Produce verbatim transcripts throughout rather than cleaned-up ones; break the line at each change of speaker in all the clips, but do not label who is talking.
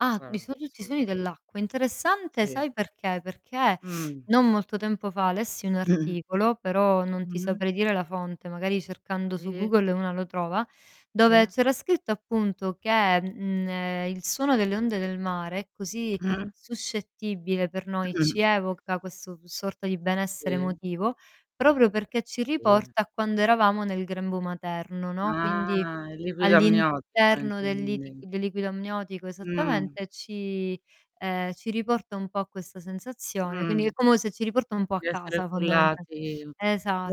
Ah, vi
guara,
[unintelligible] i suoni
assolutame
dell'acqua. Interessante,
Sì.
sai perché? Perché,
Mh.
non molto tempo fa lessi un articolo, però non ti
Mh-mh.
saprei dire la fonte, magari cercando su
ì.
Google una lo trova, dove
ì.
c'era scritto appunto che, mhmm, ehm, il suono delle onde del mare è così suscettibile per noi, ci evoca questo v sorta di benessere
Sì.
emotivo, proprio perché ci
Eh sì.
riporta a quando eravamo nel grembo materno, no, quindi
Ah, il liquido amniotico
all'interno del liti
intendi
del liquido amniotico,
Mh.
esattamente, e ci, ehm, ci riporta un po' a questa sensazione, quindi è
Mh.
como se ci riporta un po' a
Di essere
casa, fondamental
cullati, u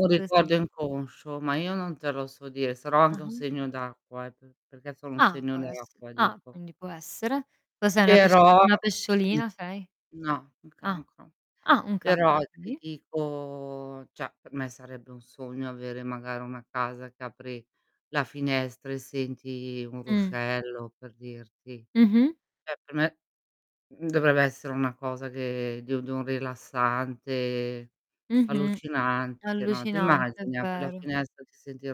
un
esa
ricordo inconscio, ma io non te lo so dire, sarò anche un
Ah-ah.
segno d'acqua eh, p perché sono un
Ah,
segno
può esse
d'acqua,
ah,
dico.
quindi può essere. Cos'è una pescio
Però
una pesciolina sei?
no, un
Ah,
cancro.
ah un cancro,
Però ti
okay.
dico ceh per me sarebbe un sogno avere magari una casa che apri la finestra e senti un
Mh.
ruscello, per dirti.
Mh-mh.
ceh per me mhmm, dovrebbe essere una cosa che di u di un rilassante
Mh-mh,
allucinante, no. Ti
allucinante, è
immagini? Apri la
vero.
finestra, ti senti il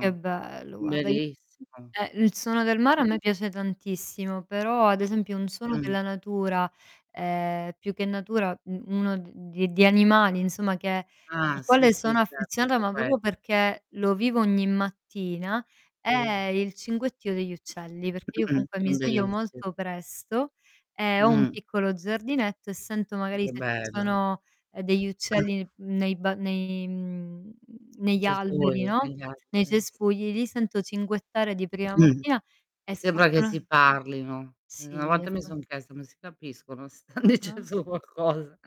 Che bello, guarda io
Bellissimo.
eh, il suono del mare a me piace tantissimo, però ad esempio un suono
Mh.
della natura, ehm, più che natura, mhmm, uno d di di animali, insomma, che al
Ah, sì,
quale
sì,
sono
certo
affezionata,
anche
ma propo
quelli.
perché lo vivo ogni mattina,
Sì.
è il cinguettio degli uccelli, perché io comunque mi sveglio
Bellissimo.
molto presto e ho un
Mh.
piccolo giardinetto e sento magari
Che
se ci
bello.
sono, ehm, degli uccelli nei mhmm, nei ba nei mhmm,
I
negli alberi,
cespugli,
no.
negli
Nei
alberi, sì.
cespugli, li sento cinguettare di prima mattina
Che
e
sembra che si
fortuna
parlino. Una
Sì e
volta mi
fo
son chiesta: "Ma si capiscono? Si stan
Ah-ah.
dicendo qualcosa?"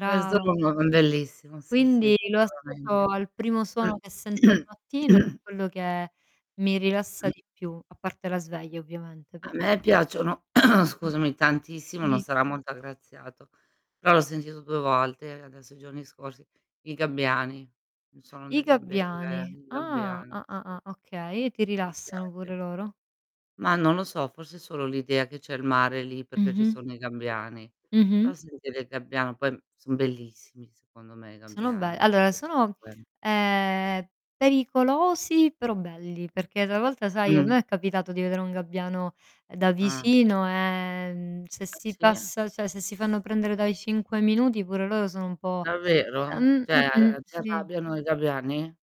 Questo [unintelligible] è bellissimo, sì, sì,
Quindi lo associo
sicuramente.
al primo suono che sento al mattino e quello che mi rilassa di più, a parte la sveglia ovviamente
A
[unintelligible]
me piacciono
Mh.
scusami, tantissimo, non
Di
sarà molto aggraziato, però l'ho sentito due volte, adesso i giorni scorsi, i gabbiani. Il suono
I
dei gabbia eh,
gabbiani.
i
Ah,
gabbiani,
ah, ah,
sì.
ah, okay e ti
Mi
rilassano pure
piace.
loro.
Mah, non lo so, forse solo l'idea che c'è il mare lì, perché ci
Mh-mh.
sono i gabbiani. Però
Mh-mh.
sentire i gabbiano poi son bellissimi secondo me, i
Sono be
gabbiani
allora sono,
[unintelligible]
ehm, pericolosi, però belli, perché travolta sai, a
Mh.
me è capitato di vedere un gabbiano, ehm, da
Ah.
vicino, e, mhmm, se
Ah
si
sì?
passa ceh se si fanno prendere dai cinque minuti pure loro sono un po'
Davvero?
ehm,
ceh,
mh-mh,
a si
sì.
arrabbiano i gabbiani?